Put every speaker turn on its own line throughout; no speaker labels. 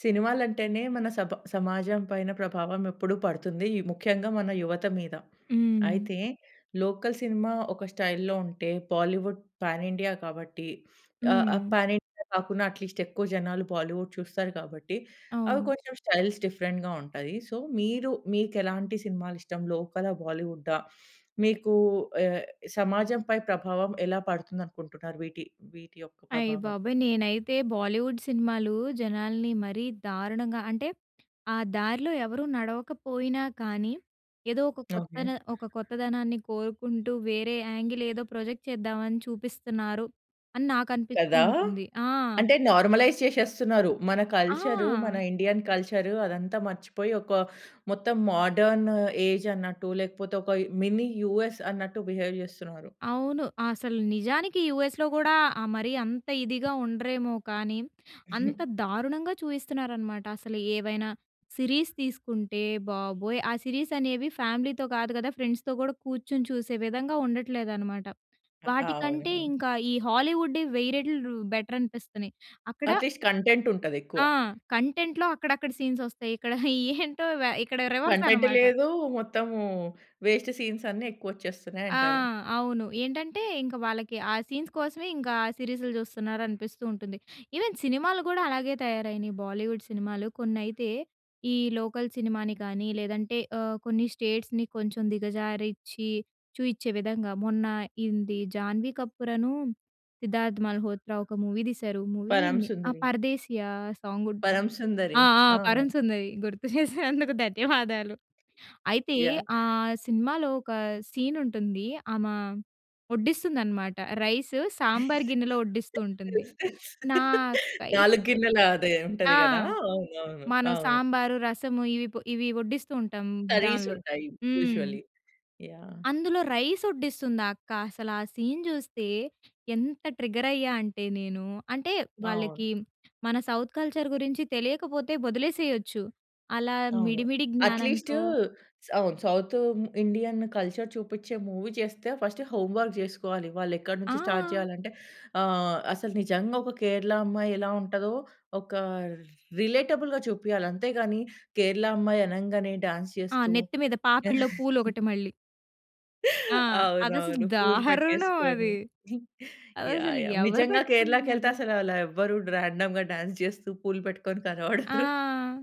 సినిమాలు అంటేనే మన సబ సమాజం పైన ప్రభావం ఎప్పుడు పడుతుంది. ముఖ్యంగా మన యువత మీద.
హ్మ్.
అయితే లోకల్ సినిమా ఒక స్టైల్‌లో ఉంటే బాలీవుడ్ పాన్ ఇండియా కాబట్టి ఆహ్, ఆహ్,
హ్మ్.
పాన్ ఇండియా కాకున్నా అట్లీస్ట్ ఎక్కువ జనాలు బాలీవుడ్ చూస్తారు కాబట్టి అవి
అవును.
కొంచెం స్టైల్స్ డిఫరెంట్‌గా ఉంటాయి. సో మీరు మీకు ఎలాంటి సినిమాలు ఇష్టం? లోకలా? బాలీవుడా? మీకు ఆహ్, సమాజం పై ప్రభావం ఎలా పడుతుంది అనుకుంటున్నారు వీటి వీటి యొక్క
అయ్య
ప్రభావం?
బాబోయ్! నేనైతే బాలీవుడ్ సినిమాలు జనాల్ని మరీ దారుణంగా అంటే, ఆ దారిలో ఎవరు నడవకపోయినా కానీ ఏదో ఒక కొత్త
ఓకె.
న ఒక కొత్తదనాన్ని కోరుకుంటూ వేరే యాంగిల్ ఏదో ప్రాజెక్ట్ చేద్దామని చూపిస్తున్నారు. అని నాకనిపిస్తూ
కదా!
ఉంటుంది. ఆ!
అంటే నార్మలైజ్ చేసేస్తున్నారు. మన కల్చర్ మన
ఆ!
ఇండియన్ కల్చర్ అదంతా మర్చిపోయి ఒక మొత్తం మాడర్న్ ఏజ్ అన్నట్టు లేకపోతే ఒక మిని యూఎస్ అన్నట్టు బిహేవ్ చేస్తున్నరు.
అవును. అసలు నిజానికి యూఎస్‌లో కూడా ఆహ్, మరి అంత ఇదిగా ఉండరేమో కానీ. అంత దారుణంగా చూయిస్తున్నారనమాట. అసలు ఏవైనా సిరీస్ తీసుకుంటే బాబోయ్! ఆ సిరీస్ అనేవి ఫ్యామిలీతో కాదు కదా ఫ్రెండ్స్‌తో కూడా కూర్చొని చూసే విధంగా ఉండట్లేదు అన్నమాట.
అ
వాటికంటే
అవును.
ఇంకా ఈ హాలీవుడ్ వెయ్యి రెట్లు బెటర్ అనిపిస్తున్నాయి అక్కడ
అట్లీస్ట్ కంటెంట్ ఉంటది ఎక్కువ.
ఆ! కంటెంట్‌లో అక్కడక్కడ సీన్స్ ఒస్తాయి. ఇక్కడ ఏంటో వె ఇక్కడ రివర్స్
కంటెంట్
అన్నమాట.
లేదు. మొత్తము వేస్ట్ సీన్స్ అన్నీ ఎక్కువ వచ్చేస్తున్నాయి
ఆ!
అంటారు.
అవును. ఏంటంటే ఇంక వాళ్ళకి ఆ సీన్స్ కోసమే ఇంకా సిరీస్‌లు చూస్తున్నారు అనిపిస్తూ ఉంటుంది. ఈవెన్ సినిమాలు కూడా అలాగే తయారైనాయి. బాలీవుడ్ సినిమాలు కొన్నైతే ఈ లోకల్ సినిమాని కానీ లేదంటే ఆహ్. కొన్ని స్టేట్స్‌ని కొంచెం దిగజారించి చూపించే విధంగా మొన్న ఇంది జాన్వీ కపూర‌ను, సిద్ధార్థ్ మల్హోత్రా ఒక మూవీ తీశారు, మూవీ
'పరమ
ఆ
సుందరి'.
'పరదేశీయ' సాంగ్ ఉంటుంది. ఆ!
'పరమసుందరి'.
ఆ! 'పరం
ఆ!
సుందరి' గుర్తు చేసినందుకు ధన్యవాదాలు. అయితే
యాహ్!
ఆ సినిమాలో ఒక సీన్ ఉంటుంది. ఆమ వడ్డిస్తుంది అన్నమాట. రైస్ సాంబార్ గిన్నెలో వడ్డిస్తూ ఉంటుంది. నాకైతే
4 గిన్నెల అదే ఉంటది
ఆ!
కదా! అవును, అవును.
మనం
అవును.
సాంబారు, రసము ఇవి ఇవి వడ్డిస్తూ ఉంటాం
కర్రీస్
దానిలో.
ఉంటాయి.
హ్మ్.
యూజువల్లీ. యాహ్!
అందులో రైస్ వడ్డిస్తుంది ఆ అక్క అసల ఆ సీన్ చూస్తే ఎంత ట్రిగ్గర్ అయ్యా అంటే నేను, అంటే
అవును.
వాళ్ళకి మన సౌత్ కల్చర్ గురించి తెలియకపోతే వదిలేసేయొచ్చు. అలా
అవును.
మిడి మిడి
అట్లీస్ట్
జ్ఞానంతో
సౌ సౌత్ ఇండియన్ కల్చర్ చూపించే మూవీ చేస్తే ఫస్ట్ హోమ్ వర్క్ చేసుకోవాలి. వాళ్ళు ఎక్కడి నుంచి స్టార్ట్
ఆ!
చేయాలి అంటే, ఆహ్, అసలు నిజంగా ఒక కేరళ అమ్మాయి ఎలా ఉంటదో ఒక రిలేటబుల్‌గా చూపియాలి. అంతేగాని కేరళ అమ్మాయి అనంగానే డాన్స్
ఆ!
చేస్తూ
నెత్తి మీద. పాపిడిలో పూలు ఒకటి మళ్ళీ. ఆ! అదసలు
అవునవును. పూలు
దారుణం
పెట్టేసుకొని.
అది!
యాహ్!
అదసలు
యాహ్!
ఎవరు
నిజంగా కేరళకి వెళ్తే
పెట్టుకుంటున్నారు?
అసలలా ఎవ్వరుండరు. రాండమ్‌గా డాన్స్ చేస్తూ పూలు పెట్టుకొని కనపడరు.
ఆ!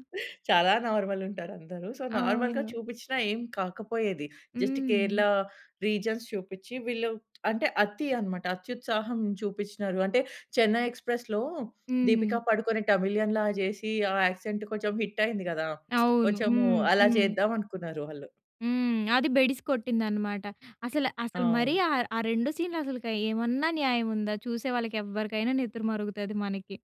చాలా నార్మల్ ఉంటారు అందరు. సో నార్మల్‌గా
అవును.
చూపించిన ఏమి కాకపోయేది, జస్ట్
హ్మ్.
కేరళ రీజన్స్ చూపించి వీళ్ళు అంటే అతి అన్నమాట. అత్యుత్సాహం చూపించినారు. అంటే 'చెన్నై ఎక్స్‌ప్రెస్‌'లో దీపిక
హ్మ్.
పడుకొనె తమిళియన్‌లాగా చేసి ఆ యాక్సెంట్ కొంచెం హిట్ అయింది కదా!
అవును.
కొంచెం
హ్మ్.
అలా
హ్మ్.
చేద్దాం అనుకున్నారు వాళ్ళు.
హ్మ్. అది బెడిసి కొట్టిందన్నమాట. అసలు అసలు మరి
అవును.
ఆహ్, ఆ 2 సీన్‌లు అసలుకు ఏమన్నా న్యాయం ఉందా? చూసే వాళ్ళకి ఎవ్వరికైనా నెత్తురు మరుగుతది మనకి.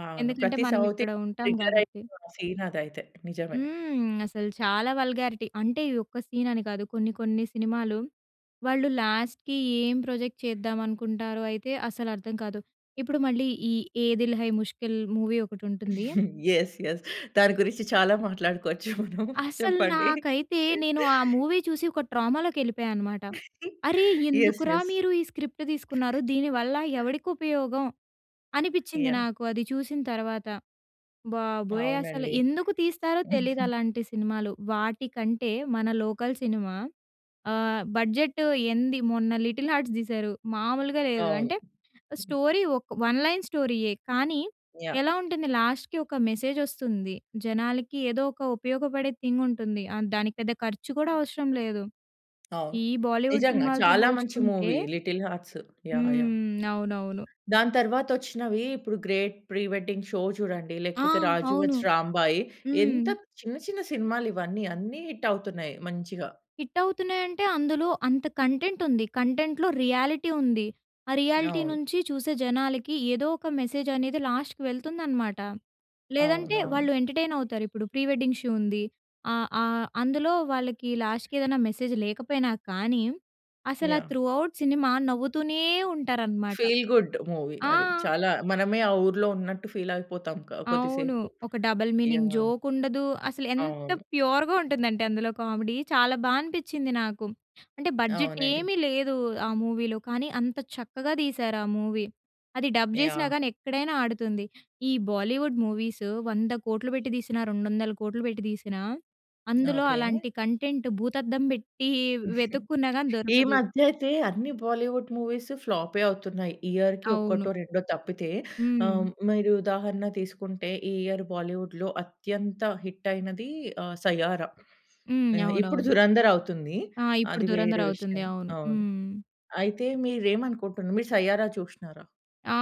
అవును
ఎందుకంటే
ప్రతి
మనం
సౌత్
ఇక్కడ
ఇండియన్
ఉంటాం
ట్రిగ్గర్ అయ్యే
కాబట్టి.
సీన్ అదైతే! నిజమే.
హ్మ్. అసలు చాలా వల్గారిటీ. అంటే ఈ ఒక్క సీన్ అని కాదు. కొన్ని కొన్ని సినిమాలు వాళ్ళు లాస్ట్‌కి ఏం ప్రొజెక్ట్ చేద్దాం అనుకుంటారో అయితే అసలు అర్థం కాదు. ఇప్పుడు మళ్ళీ ఈ 'ఏ దిల్ హై ముష్కిల్' మూవీ ఒకటి ఉంటుంది.
Yes, yes. దాని గురించి చాలా మాట్లాడుకోవచ్చు మనం
అసలు
చెప్పండి.
నాకైతే నేను ఆ మూవీ చూసి ఒక ట్రామాలోకి వెళ్ళిపోయానన్నమాట. "అరే!
యెస్,
ఎందుకురా
యెస్.
మీరు ఈ స్క్రిప్ట్ తీసుకున్నారు! దీనివల్ల ఎవడికి ఉపయోగం?" అనిపించింది
యాహ్!
నాకు అది చూసిన తర్వాత. బాబోయ్! అసలు
అవునండి.
ఎందుకు తీస్తారో తెలీదలాంటి సినిమాలు. వాటికంటే మన లోకల్ సినిమా ఆహ్, బడ్జెట్ ఎంది మొన్న 'లిటిల్ హార్ట్స్' తీసారు మామూలుగా లేదు.
అవును.
అంటే స్టోరీ ఒక వన్ లైన్ స్టోరీయే. కానీ
యాహ్!
ఎలా ఉంటుంది లాస్ట్‌కీ ఒక మెసేజ్ వస్తుంది. జనాలకి ఏదో ఒక ఉపయోగపడే థింగ్ ఉంటుంది. ఆహ్, దానికి పెద్ద ఖర్చు కూడా అవసరం లేదు.
అవును.
ఈ బాలీవుడ్
నిజంగా
సినిమాలతో
చాలా మంచి
పోల్చుకుంటే
movie 'little hearts'. Yeah! Yeah!
హ్మ్. అవునవును.
దాని తరువాతొచ్చినవి ఇప్పుడు 'గ్రేట్ ప్రి వెడ్డింగ్ షో' చూడండి,
ఆ!
లేకపోతే 'రాజు
అవును.
వెడ్స్ రాంబాయి' ఎంత
హ్మ్.
చిన్న చిన్న సినిమాలు ఇవన్నీ. అన్ని హిట్ అవుతున్నాయి మంచిగా.
హిట్ అవుతున్నాయి అంటే, అందులో అంత కంటెంట్ ఉంది! కంటెంట్‌లో రియాలిటీ ఉంది. ఆ రియాలిటీ
అవును.
నుంచి చూసే జనాలకి ఏదో ఒక మెసేజ్ అనేది లాస్ట్‌కి వెళ్తుందన్నమాట. లేదంటే
అవునవును.
వాళ్ళు ఎంటర్‌టైన్ అవుతారు. ఇప్పుడు 'ప్రీ వెడ్డింగ్ షో' ఉంది. ఆహ్, ఆహ్, అందులో వాళ్ళకి లాస్ట్‌కి ఏదైనా మెసేజ్ లేకపోయినా కానీ అసలు ఆహ్,
యాహ్!
త్రూ ఔట్ సినిమా నవ్వుతూనే ఉంటారన్నమాట.
ఫీల్ గుడ్ మూవీ
ఆ!
అది. చాలా మనమే ఆ ఊర్లో ఉన్నట్టు ఫీల్ అయిపోతాం క కొద్ది
అవును.
సేపు.
ఒక డబుల్ మీనింగ్
యాహ్!
జోక్ ఉండదు. అసలు ఎంత
అవును.
ప్యూర్‌గా ఉంటుందంటే అందులో కామెడీ చాలా బాగా అనిపించింది నాకు. అంటే బడ్జెట్
అవునండి.
ఏమీ లేదు ఆ మూవీలో. కానీ అంత చక్కగా తీశారు ఆ మూవీ. అది డబ్ చేసినా
యాహ్!
కానీ ఎక్కడైనా ఆడుతుంది. ఈ బాలీవుడ్ బాలీవుడ్ మూవీస్ 100 కోట్లు పెట్టి తీసినా, 200 కోట్లు పెట్టి తీసినా, అందులో
ఓకే.
అలాంటి కంటెంట్ భూతద్దం పెట్టి వెతుక్కున్నా గాని
ఈ
దొరకదు.
మధ్య అయితే అన్ని బాలీవుడ్ మూవీస్ ఫ్లాపే అవుతున్నాయి. ఇయర్‌కి
అవును.
ఒకటో, రెండో తప్పితే.
హ్మ్.
ఆహ్, మీరు ఉదాహరణ తీసుకుంటే ఈ ఇయర్ బాలీవుడ్‌లో అత్యంత హిట్ అయినది ఆహ్, 'సయ్యారా'.
హ్మ్.
ఆహ్, ఇప్పుడు
అవునవును.
'దురంధర్' అవుతుంది.
ఆ! ఇప్పుడు
అది వేరే
'దురంధర్' అవుతుంది.
విషయం.
అవును.
అవును.
హ్మ్.
అయితే మీరేమనుకుంటున్నారు? మీరు 'సయ్యారా' చూసినారా?
ఆ!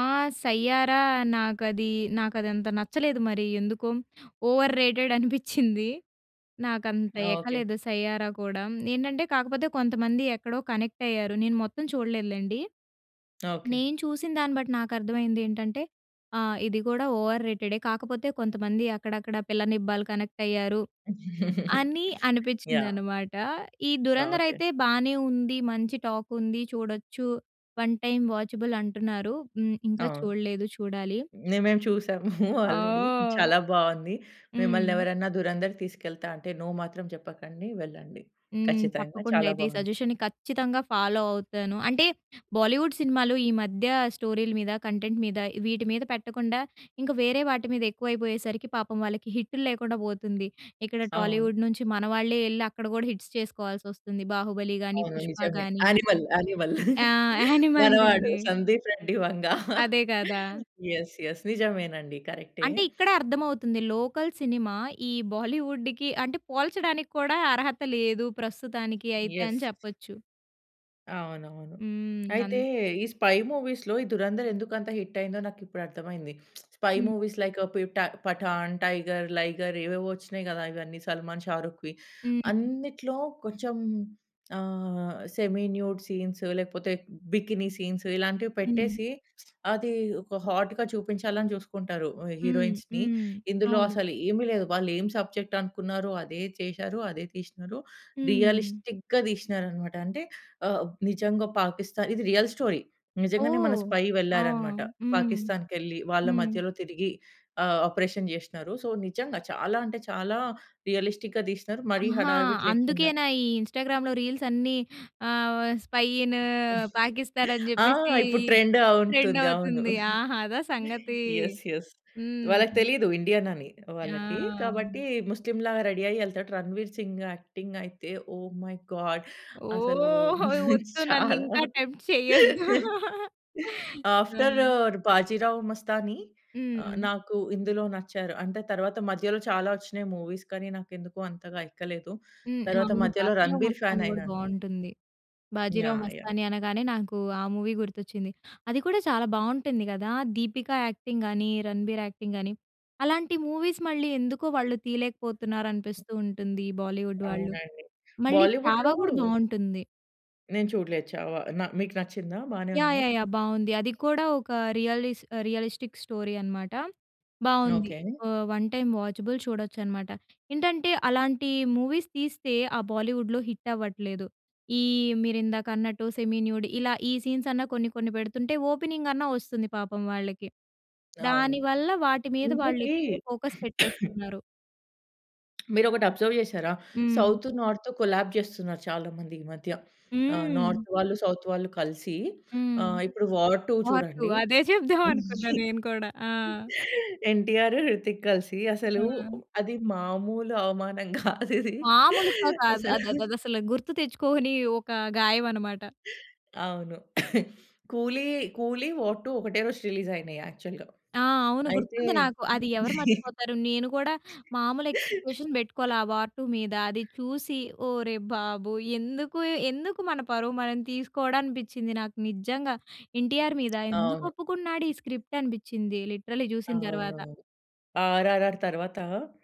'సయ్యారా' నాకది నాకదంత నచ్చలేదు. మరి ఎందుకొ ఓవర్ రేటెడ్ అనిపించింది. నాకు అంత
ఓకే.
ఎక్కలేదు 'సయ్యారా' కూడా. ఏంటంటే, కాకపోతే కొంతమంది ఎక్కడో కనెక్ట్ అయ్యారు. నేను మొత్తం చూడలేదులెండి.
ఓకే.
నేను చూసిన దాన్ని బట్టి, నాకు అర్థమైంది ఏంటంటే ఆ! ఇది కూడా ఓవర్ రేటె‌డే. కాకపోతే కొంతమంది అక్కడక్కడ, పిల్ల నిబా‌లు కనెక్ట్ అయ్యారు, అని
యాహ్!
అనిపించిందన్నమాట. ఈ 'ధురంధర్'
ఓకే.
అయితే బానే ఉంది, మంచి టాకుంది, చూడచ్చు. వన్ టైమ్ వాచబుల్ అంటున్నారు హ్మ్. ఇంకా
ఆ!
చూడలేదు. చూడాలి.
మేమేం చూసాము ఆల్రెడీ.
ఓహ్!
చాలా బావుంది. మిమ్మల్ని
హ్మ్.
ఎవరన్నా 'ధురంధర్‌కి' తీసుకెళ్తా అంటే, నో మాత్రం చెప్పకండి, వెళ్ళండి.
హ్మ్.
ఖచ్చితంగా
తప్పకుండా
చాలా
అయితే ఈ
బావుంది.
సజెషన్‌ని ఖచ్చితంగా ఫాలో అవుతాను. అంటే, బాలీవుడ్ సినిమాలు ఈ మధ్య స్టోరీలు మీద, కంటెంట్ మీద వీటి మీద పెట్టకుండా, ఇంకా వేరే వాటి మీద ఎక్కువైపోయేసరికి పాపం వాళ్ళకి హిట్‌లు లేకుండా పోతుంది. ఇక్కడ
అవును.
టాలీవుడ్ నుంచి మన వాళ్ళే ఎళ్లి అక్కడ కూడా హిట్‌స్ చేసుకోవాల్సి వస్తుంది. 'బాహుబలి' గాని,
అవును.
'పుష్ప'
నిజమే.
గాని,
'యానిమల్ యానిమల్'
ఆహ్, యానిమల్‌
మనవాడు
గాని
సందీప్ రెడ్డి వంగ.
అదే కదా!
యెస్! యెస్! నిజమేనండి. కరె‌క్టే.
అంటే ఇక్కడ అర్థమవుతుంది. లోకల్ సినిమా, ఈ బాలీవుడ్‌కి అంటే, పోల్చడానికి కూడా అర్హత లేదు ప్రస్తుతానికి అయితే అని
యెస్!
చెప్పొచ్చు.
అవునవును.
హ్మ్.
అయితే
అన్
ఈ స్పై మూవీస్‌లో ఈ 'దురంధర్' ఎందుకంత హిట్ అయిందో నాకిప్పుడు అర్థమైంది. Spy
hmm.
మూవీస్ లైక్ పి‌ఠా 'పఠాన్', 'టైగర్', 'లైగర్' ఏవేవో వచ్చినాయి గదా! ఇవన్నీ 'సల్మాన్', 'షారుఖ్‌వి'.
హ్మ్.
అన్నిట్లో కొంచెం ఆహ్, సెమీ న్యూడ్ సీన్స్ లేకపోతే బికిని సీన్స్ ఇలాంటివి
హ్మ్.
పెట్టేసి, అది ఒక హాట్‌గా చూపించాలని చూసుకుంటారు.
హ్మ్.
హీరోయిన్స్‌‌ని.
హ్మ్.
ఇందులో
అవును.
అసలేంమి లేదు. వాళ్ళు ఏం సబ్జెక్ట్ అనుకున్నారో, అదే చేసారు, అదే తీసినారు.
హ్మ్.
రియలిస్టిక్‌గా తీసినారన్నమాట. అంటే ఆహ్, నిజంగా పాకిస్థాన్, ఇది రియల్ స్టోరీ, నిజంగానే మన
ఓహ్!
స్పై
ఆహ్,
వెళ్లారన్నమాట.
హ్మ్.
పాకిస్థాన్‌కెళ్లి వాళ్ళ
హ్మ్.
మధ్యలో తిరిగి ఆ ఆపరేషన్ చేసినా‌రు. సో నిజంగా చాలా, అంటే చాలా రియలిస్టిక్‌‌‌‌‌‌‌‌‌‌‌గా తీసినరు మరీ
ఆహా!
హడావిడి లేకుండా.
అందుకేనా ఈ ఇన్‌స్టా‌గ్రామ్‌లో రీల్స్ అన్నీ ఆహ్, వ స్పై ఇన్ పాకిస్తాన్ అని
ఆ!
జెప్పేసి
ఇప్పుడు ట్రెండే అవున్‌తుంది.
ట్రెండవుతుంది.
అవును.
ఆహా! అదా సంగతి!
యెస్. యెస్. వాళ్ళకి
హ్మ్.
తెలియదు ఇండియన్ అని వాళ్ళకి.
ఆ!
కాబట్టి ముస్లిం లాగా రెడీ అయ్యి యె‌‌‌ళ్తాడు. 'రణవీర్ సింగ్' యాక్టింగ్ అయితే, ఒహ్ మై గాడ్! అసలు
ఓహ్‌! హోయ్! వద్దు
చాలా.
నన్నింకా టెంప్ట్ చెయ్యొద్దు.
ఆఫ్టర్
హ్మ్.
'బాజీరావు మస్తాని',
హ్మ్.
నాకు ఇందులో నచ్చారు. అంటే తర్వాత మధ్యలో చాలా వచ్చినాయి మూవీస్. కానీ నాకు ఎందుకో అంతగా ఎక్కలేదు.
హ్మ్.
తరువాత
అవును
మధ్యలో
'బాజీరావు
'రణబీర్' ఫాన్
మస్తాని' గూడా
అయినాను.
బావుం‌టుంది. 'బాజీరావు
యాహ్! యాహ్!
మస్తాని' అనగానే నాకు ఆ మూవీ గుర్తొచ్చింది. అది కూడా చాలా బావుంటుంది గదా! 'దీపిక' యాక్టింగ్ గాని, 'రణబీర్' యాక్టింగ్ గాని అలాంటి మూవీస్ మళ్ళీ ఎందుకో వాళ్ళు తీయలేకపోతున్నారు అనిపిస్తుంటుంది. ఈ బాలీవుడ్ వాళ్ళు.
అవునండి.
మళ్ళీ 'చావా'
బాలీవుడ్‌‌‌లో
గూడా బాగుంటుంది.
నేను చూడలేదు 'చావా' నా మీకు నచ్చిందా? బానే
యాహ్!
ఉందా?
యాహ్! యాహ్! బాగుంది. అది కూడా ఒక రియలిస్ రియలిస్టిక్ స్టోరీ అనమాట. బాగుంది.
ఓకె.
ఆహ్, 1 టైమ్ వాచబుల్ చూడొచ్చు అనమాట. ఏంటంటే అలాంటి మూవీస్ తీస్తే ఆ బాలీవుడ్‌లో హిట్ అవ్వట్లేదు ఈ మీరిందాక అన్నట్టు సెమీ న్యూడ్ ఇలా ఈ సీన్స్ అన్న కొన్ని, కొన్ని పెడుతుంటే ఓపెనింగ్ అన్నా వస్తుంది పాపం వాళ్ళకి.
అవును.
దానివల్ల వాటి మీద
ఇంకోటి
వాళ్ళు ఎక్కువ ఫోకస్ పెట్టేస్తున్నారు.
మీరు ఒకటి అబ్జర్వ్ చేశారా?
హ్మ్.
సౌత్, నార్త్ కొలాప్స్ చేస్తున్నారు చాలా మంది ఈ మధ్య. ఆహ్,
హ్మ్.
నార్త్ వాళ్ళు సౌత్ వాళ్ళు కలిసి
హ్మ్.
ఆహ్, ఇప్పుడు వార్ 2
వార్ 2
చూడండి.
అదే చెప్దాం అనుకున్నా నేను కూడా.
'ఎన్‌టిఆర్', 'హృతిక్' కలిసి అసలు
ఆ!
అది మామూలు అవమానం కాదది
మాములుగా కాదు.
అసలా.
అది అదసలు, గుర్తు తెచ్చుకోని ఒక గాయం అనమాట.
అవును. కూలీ 'కూలి', వార్ 2 ఒకటే రోజు రిలీజ్ అయినాయి యాక్చువల్‌గా.
ఆ! అవును.
అయితే
గుర్తుంది నాకు. అది ఎవరు మర్చిపోతారు. నేను కూడా మామూలు ఎక్స్‌పెక్టేషన్స్ పెట్టుకోలే వార్ 2. మీద. అది చూసి ఒరేయ్ బాబు! ఎందుకు, ఎందుకు మన పరువు మనం తీసుకోవడం అనిపించింది నాకు నిజంగా. ఎన్టీఆర్ మీద ఎందుకు
అవును.
ఒప్పుకున్నాడు ఈ స్క్రిప్ట్. అనిపించింది లిటరల్లీ చూసిన తర్వాత.
అవునవును. 'ఆర్‌‌ఆర్‌‌ఆర్' తరువాత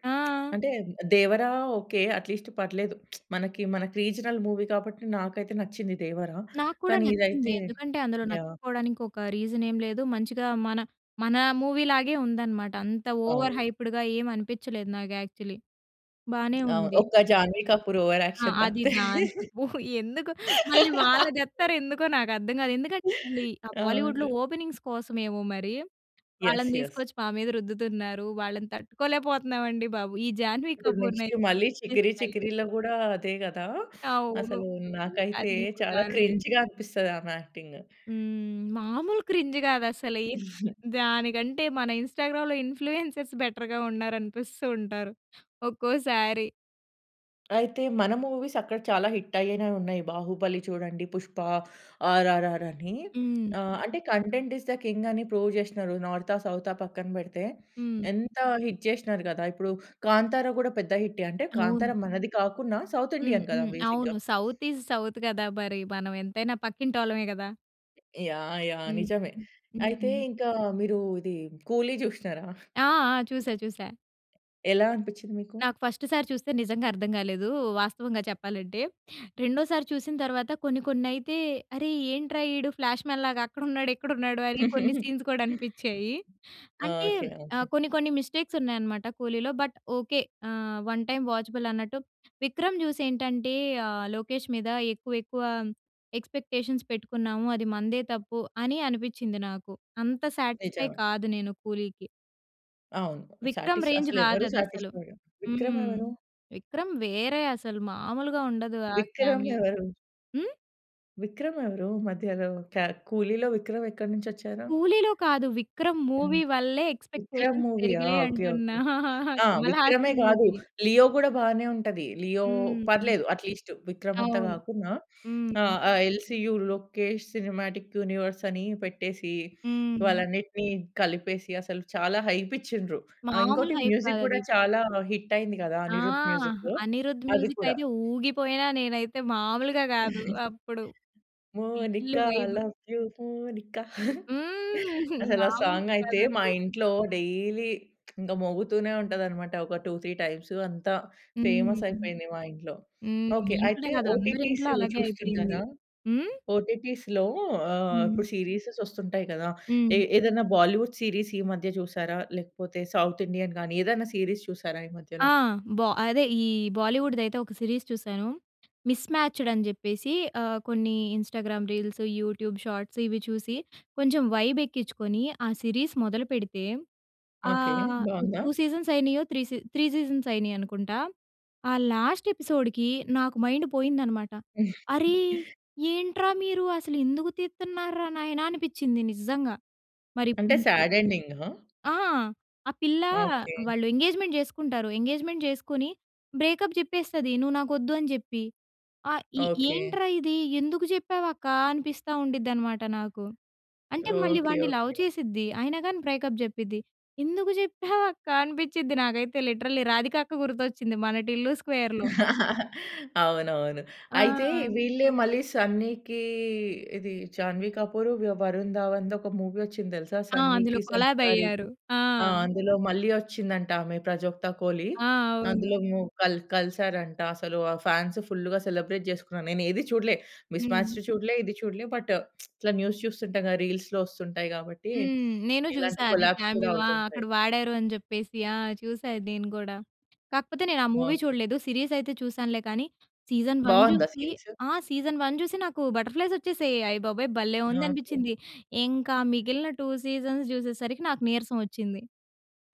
ఆ!
అంటే దేవరా ఒకె, అట్లీస్ట్ పర్లేదు. మనకి, మనకి రీజనల్ మూవీ కాబట్టి నాకైతే నచ్చింది దేవరా
నాకు కూడా
కానీ
నచ్చింది.
ఇదైతే
ఎందుకంటే అందులో
యాహ్!
నచ్చకపోవడానికి ఒక రీజన్ ఏమి లేదు. మంచిగా మన, మన మూవీ లాగే ఉందన్నమాట. అంత ఓవర్
అవును.
హైప్డ్‌గా ఏమి అనిపించలేదు నాకు యాక్చువల్లీ. బానే
అవును.
ఉంది.
ఒక్క 'జాహ్నవి కపూర్' ఓవర్
ఆ!
యాక్షన్
అది
తప్పితే.
దాని ఓహ్! ఎందుకు మళ్ళీ వాళ్ళని దెత్తారు ఎందుకో నాకు అర్థం కాదు. ఎందుకంటే ఆ బాలీవుడ్‌లో
అవును.
ఓపెనింగ్స్ కోసమేమో మరి.
యెస్
వాళ్ళని
యెస్.
తీసుకొచ్చి మా మీద రుద్దుతున్నారు, వాళ్ళని తట్టుకోలేకపోతున్నాం అండి బాబు! ఈ జాహ్నవి
ఇప్పుడు నెక్స్ట్
కపూర్‌నైతే
మళ్ళీ 'చికిరి చికిరిలో' కూడా అదే కదా!
అవును.
అసలు నాకైతే చాలా
[unintelligible]
క్రింజ్‌గా అనిపిస్తది ఆమె యాక్టింగ్.
హ్మ్. మామూలు క్రింజ్ కాదు అసలే! దానికంటే మన ఇన్స్టాగ్రామ్‌లో ఇన్ఫ్లుయెన్సర్స్ బెటర్‌గా ఉన్నారు అనిపిస్తూ ఉంటారు. ఒక్కోసారి.
అయితే మన మూవీస్ అక్కడ చాలా హిట్ అయ్యేనవి ఉన్నాయి. 'బాహుబలి' చూడండి 'పుష్ప, ఆర్ఆర్' అని
హ్మ్.
ఆహ్, అంటే కంటెంట్ ఇస్ ద కింగ్ అని ప్రూవ్ చేసినారు. నార్తా? సౌతా? పక్కన పెడితే.
హ్మ్.
ఎంత హిట్ చేసినారు కదా! ఇప్పుడు 'కాంతార' కూడా పెద్ద హిట్టే అంటే,
అవును.
'కాంతారా' మనది కాకుండా సౌత్
హ్మ్,
ఇండియన్ కదా!
హ్మ్.
బేసిక్‌గా.
అవును సౌత్ ఇస్ సౌత్ కదా! మరి మనం ఎంతైనా పక్కింటోళ్ళమే కదా!
యాహ్! యాహ్!
హ్మ్.
నిజమే.
హ్మ్. హుహు.
అయితే ఇంకా మీరు ఇది 'కూలి' చూశ్నారా?
ఆ! ఆ! చూసా, చూసా.
ఎలా అనిపించింది మీకు?
నాకు ఫస్ట్ సారి చూస్తే నిజంగా అర్థం కాలేదు, వాస్తవంగా చెప్పాలంటే. రెండోసారి చూసిన తర్వాత కొన్ని, కొన్ని అయితే, "అరే! ఏంట్రా ఈడు ఫ్లాష్మన్ లాగా అక్కడున్నాడు, ఇక్కడున్నాడు అని కొన్ని సీన్స్ కూడా అనిపించాయి. అంటే
ఓకె, ఓకె.
ఆహ్, కొన్ని కొన్ని మిస్టేక్స్ ఉన్నాయన్నమాట కూలీలో బట్ ఓకె ఆహ్, 1 టైమ్ వాచబుల్ అన్నట్టు 'విక్రమ్' చూసి ఏంటంటే ఆహ్, లోకేష్ మీద ఎక్కువ, ఎక్కువ ఎక్స్పెక్టేషన్స్ పెట్టుకున్నాము అది మనదే తప్పు అని అనిపించింది నాకు. అంత సాటిస్ఫై
నిజమే.
కాదు నేను కూలీకి.
అవును.
'విక్రమ్'
సాటిస్ఫై
రేంజ్
అసలు
కాదు
ఎవరు
అది అసలు.
సాటిస్ఫైడ్ విక్రమ్
హ్మ్.
ఎవరు?
'విక్రమ్' వేరే అసలు మాములుగా ఉండదు ఆ
విక్రమ్
కామియో.
ఎవరు?
హ్మ్?
విక్రమ్ ఎవరు మధ్యలో? క్యా 'కూలీలో' విక్రమ్ ఎక్కడి నుంచి వచ్చారు?
'కూలీ‌లో' కాదు. 'విక్రమ్'
హ్మ్.
మూవీ వల్లే
విక్రమ్
ఎక్స్‌పెక్టేషన్స్
మూవీయా
పెరిగాయి
ఓకే. ఓకే.
అంటున్నా.
ఆ!
'కమల్
'విక్రమే'
హాసన్'
కాదు.
మూవీ.
'లియో' కూడా బానే ఉంటది. 'లియో'
హ్మ్.
పర్లేదు అట్లీస్టు. విక్రమ్ అంత
అవును.
కాకున్నా ఆహ్,
హ్మ్.
ఆ ఎల్సీయూ లోకేష్ సినిమాటిక్ యూనివర్స్ అని పెట్టేసి వాళ్ళ
హ్మ్.
అన్నిటిని కలిపేసి అసలు చాలా హైప్ ఇచ్చిండ్రు. ఆ!
మామూలు
ఇంకోటి
హైప్ కాదు
మ్యూజిక్ కూడా
అది.
చాలా హిట్ అయింది కదా!
ఆ!
అనిరుద్ మ్యూజికు.
'అనిరుద్'
అది
మ్యూజిక్
కూడా.
అయితే ఊగిపోయినా నేనైతే మామూలుగా కాదు. అప్పుడు full
Monica
vibe.
Love you Monica
హ్మ్.
అసలు ఆ
మాములు
సాంగ్ అయితే
కాదండి.
మా
హ్మ్.
ఇంట్లో డైలీ ఇంకా మోగుతూనే ఉంటది అన్నమాట. ఒక 2, 3 టైమ్సు. అంత
హ్మ్.
ఫేమస్
హ్మ్.
అయిపోయింది మా ఇంట్లో.
హ్మ్. మీ
ఓకే
ఇంట్లోనే
అయితే
కాదు. అందరి
ఓటిటీస్
ఇంట్లో అలాగే అయిపోయింది.
చూస్తుంటారా?
హ్మ్?
ఓటిటీస్‌లో ఆహ్,
హ్మ్.
ఇప్పుడు సీరీసస్ వస్తుంటాయి కదా!
హ్మ్.
ఏ ఏదైనా బాలీవుడ్ సీరీస్ ఈ మధ్య చూసారా? లేకపోతే సౌత్ ఇండియన్ గాని ఏదైనా సీరీస్ చూసారా ఈ
ఆ!
మధ్యలో?
బా అదే ఈ బాలీవుడ్‌ది అయితే ఒక సిరీస్ చూసాను. మిస్‌మ్యాచ్‌డ్ అని చెప్పేసి ఆహ్, కొన్ని ఇంస్టాగ్రామ్ రీల్స్, యూట్యూబ్ షార్ట్స్ ఇవి చూసి కొంచెం వైబ్ ఎక్కించుకొని ఆ సిరీస్ మొదలుపెడితే
ఓకే
ఆహ్,
బావుందా?
2 సీజన్స్ అయినాయో? త్రీ సీ త్రీ సీజన్స్ అయినాయి అనుకుంటా. ఆ లాస్ట్ ఎపిసోడ్‌కి నాకు మైండ్ పోయిందన్నమాట. "అరే ఏంట్రా మీరు అసలు ఎందుకు తీతున్నారా నాయనా?", అనిపించింది నిజంగా. మరి ఇప్పుడు
అంటే
ఇంకా
సాడ్ ఎండింగ్‌గా?
ఆ! ఆ పిల్ల
ఓకే.
వాళ్ళు ఎంగేజ్మెంట్ చేసుకుంటారు. ఎంగేజ్మెంట్ చేసుకొని బ్రేకప్ చెప్పేస్తది "నువ్వు నాకు వద్దు", అని చెప్పి, అ ఇ
ఓకే.
ఏంట్రా ఇది? ఎందుకు చెప్పావు అక్క? అనిపిస్తా ఉండిద్ది అన్నమాట నాకు. అంటే మళ్ళీ
ఓకే.
వాడిని లవ్
ఓకే.
చేసిద్ది. అయినా కాని బ్రేకప్ చెప్పిద్ది. ఎందుకు చెప్పావు అక్క? అనిపించిద్ది. నాకైతే లిటరల్లీ రాధిక అక్క గుర్తొచ్చింది మన 'టిల్లు స్క్వేర్‌లో'.
అవునవును.
ఆ!
అయితే వీళ్ళే మళ్ళీ 'సన్నీకి' ఇది 'జాహ్నవి కపూర్', వి 'వరుణ్ ధావన్‌ది' ఒక మూవీ వచ్చింది తెలుసా?
ఆ! అందులో
'సన్నీ‌కి'
కొలాబ్
సంస్కారికి.
అయ్యారు. ఆ!
ఆ! అందులో మళ్ళీ వచ్చిందంట ఆమె 'ప్రజోక్త కోలి'.
ఆ! అవును.
అందులో మో కల్ కలిసారంట. అసలు ఆ ఫాన్స్ ఫుల్‌గా సెలబ్రేట్ చేసుకున్నారు. నేను ఏది చూడలే. మిస్
హ్మ్.
మ్యాచ్డ్ చూడలే. ఇది చూడలే. బట్టు ఇట్లా న్యూస్ చూస్తుంటాగా రీల్స్‌లో వస్తుంటాయి కాబట్టి
హ్మ్. నేను
ఇలాంటి
చూసా అది
కొలాబ్స్ కూడా
క్యామియో. ఆ!
అవుతుంటాయి.
అక్కడ వాడారు అనే చెప్పేసి. ఆ! చూసా ఇది నేను కూడా. కాకపోతే నేను ఆ మూవీ
ఓకే.
చూడలేదు సీరీస్ అయితే చూసానులే. కానీ సీజన్ 1
బావుందా
చూసి
సీరీసు?
ఆ! సీజన్ 1 చూసి నాకు బటర్ ఫ్లైస్ వచ్చేసాయి. అయ్యబాబోయ్! భలే ఉంది
ఓకే.
అనిపించింది. ఇంక మిగిలిన 2 సీజన్స్ చూసేసరికి నాకు నీరసం వచ్చింది.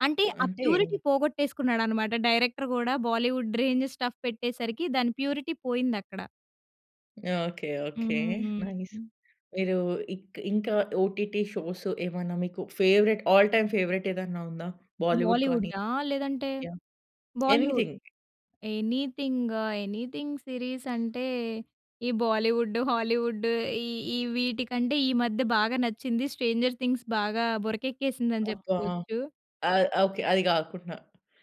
అంటే ఆ
అంటే
ప్యూరిటీ పోగొట్టేసుకున్నాడు అన్నమాట. డైరెక్టర్ కూడా బాలీవుడ్ రేంజ్ స్టఫ్ పెట్టేసరికి దాన్ని ప్యూరిటీ పోయింది అక్కడ.
ఓకె. ఓకె.
హ్మ్.
నైస్. మీరు ఇక్ ఇంకా ఓటీటి షోస్ ఏమన్నా మీకు ఫేవరైట్ ఆల్ టైమ్ ఫేవరైట్ ఏదన్నా ఉందా? బాలీవుడ్ కానీ.
బాలీవుడడా? లేదంటే,
యాహ్!
Bollywood.
Anything.
Anything, anything series అంటే, ఈ బాలీవుడ్డు, హాలీవుడ్డు, ఈ ఈ వీటికంటే ఈ మధ్య బాగా నచ్చింది. 'స్ట్రేంజర్ థింగ్స్' బాగా బురకక్కేసింది అని
అబ్బా!
చెప్పుకోవచ్చు.
ఆ! ఓకె. అది కాకున్నా.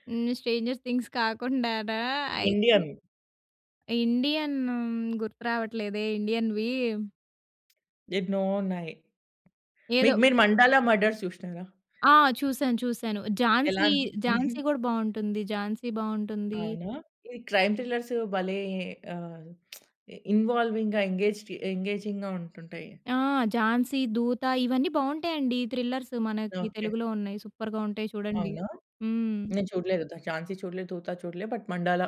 హ్మ్. స్ట్రేంజర్స్ థింగ్స్ కాకుండానా అయితే
ఇండియన్.
ఇండియన్ గుర్తు రావట్లేదే ఇండియన్‌వి.
ఎన్నో ఉన్నాయి.
ఏదో
మీకు మీరు 'మండాల మర్డర్స్' చూశ్నరా?
ఆ! చూసాను, చూసాను.
ఎలా
'ఝాన్సీ',
అనిపించింది?
'ఝాన్సీ' కూడా బాగుంటుంది. ఝాన్సీ బాగుంటుంది.
అవునా? ఈ క్రైమ్ థ్రిల్లర్స్ భలే ఆహ్, ఇన్వాల్వింగ్‌గా, ఎంగేజ్‌పి ఎంగేజింగ్‌గా ఉంటుంటయి.
ఆ 'ఝాన్సీ, దూత' ఇవన్నీ బాగుంటాయండి. థ్రిల్లర్స్ మనకి
ఓకె.
తెలుగులో ఉన్నాయి. సూపర్‌గా ఉంటాయి చూడండి.
అవునా?
హ్మ్.
నేను చూడలేదు 'ద ఝాన్సీ' చూడలే, 'దూత' చూడలే బట్, 'మండాల'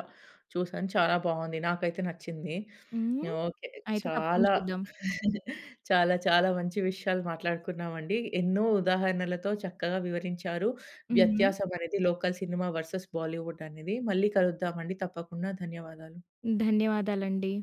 చూసా. చాలా బాగుంది. నాకైతే నచ్చింది.
హ్మ్,
ఓకె
అయితే తప్పకుండ
చాలా
చూద్దాం.
చాలా, చాలా మంచి విషయాలు మాట్లాడుకున్నామండి. ఎన్నో ఉదాహరణలతో చక్కగా వివరించారు.
హ్మ్.
వ్యత్యాసం అనేది లోకల్ సినిమా వెర్సస్ బాలీవుడ్ అనేది మళ్ళీ కలుద్దామండి. తప్పకుండా ధన్యవాదాలు.
ధన్యవాదాలండి